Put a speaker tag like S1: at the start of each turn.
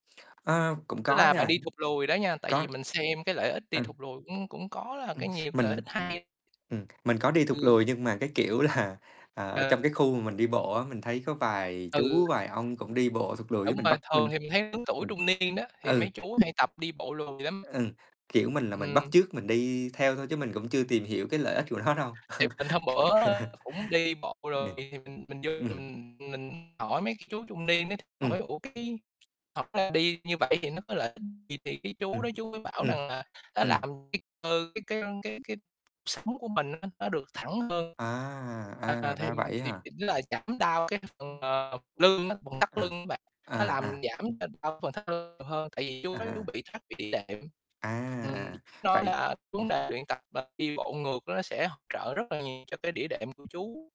S1: Ờ, cũng
S2: Tức
S1: có
S2: là bạn
S1: nha.
S2: đi thụt lùi đó nha. Tại vì
S1: Có
S2: mình xem cái lợi ích đi thụt
S1: [unintelligible]
S2: lùi cũng cũng có là
S1: Ừm,
S2: cái nhiều cái lợi
S1: mình
S2: ích hay.
S1: ừm, mình có đi thụt
S2: Ừm.
S1: lùi, nhưng mà cái kiểu là à, trong
S2: Ờ.
S1: cái khu mà mình đi bộ á, mình thấy có vài
S2: Ừ.
S1: chú, vài ông cũng đi bộ thụt lùi, cái
S2: Đúng
S1: mình
S2: rồi,
S1: bắt
S2: thường
S1: mình
S2: thì mình thấy lớn tuổi
S1: mình
S2: trung niên đó, thì mấy
S1: ừ.
S2: chú hay tập đi bộ lùi lắm.
S1: Ừ, kiểu, mình là mình bắt
S2: Ừm.
S1: chước mình đi theo thôi, chứ mình cũng chưa tìm hiểu cái lợi ích của nó đâu.
S2: Thì mình hôm bữa cũng đi bộ
S1: Ờ,
S2: rồi, thì mình mình vô
S1: ừm.
S2: mình mình hỏi mấy cái chú trung niên đó, hỏi:
S1: Ừm.
S2: "Ủa, cái thật ra đi như vậy thì nó có lợi ích gì?" Thì cái chú
S1: Ừm,
S2: đó chú mới bảo
S1: ừm,
S2: rằng là "Nó
S1: ừm.
S2: làm cái cơ cái cái cái cái sống của mình á, nó được thẳng hơn."
S1: À, à,
S2: À, thì
S1: ra vậy á
S2: thì
S1: hả?
S2: chỉnh lại, giảm đau cái phần, ờ, lưng á, phần thắt lưng
S1: À,
S2: á bạn, nó
S1: à,
S2: làm
S1: à.
S2: giảm đau phần thắt lưng nhiều hơn, tại vì
S1: À,
S2: chú nói chú
S1: à.
S2: bị thoát vị đĩa đệm.
S1: À, à,
S2: Ừm,
S1: à.
S2: nó
S1: Vậy
S2: là vấn
S1: ừm.
S2: đề luyện tập, ờ, đi bộ ngược nó sẽ hỗ trợ rất là nhiều cho cái đĩa đệm của chú.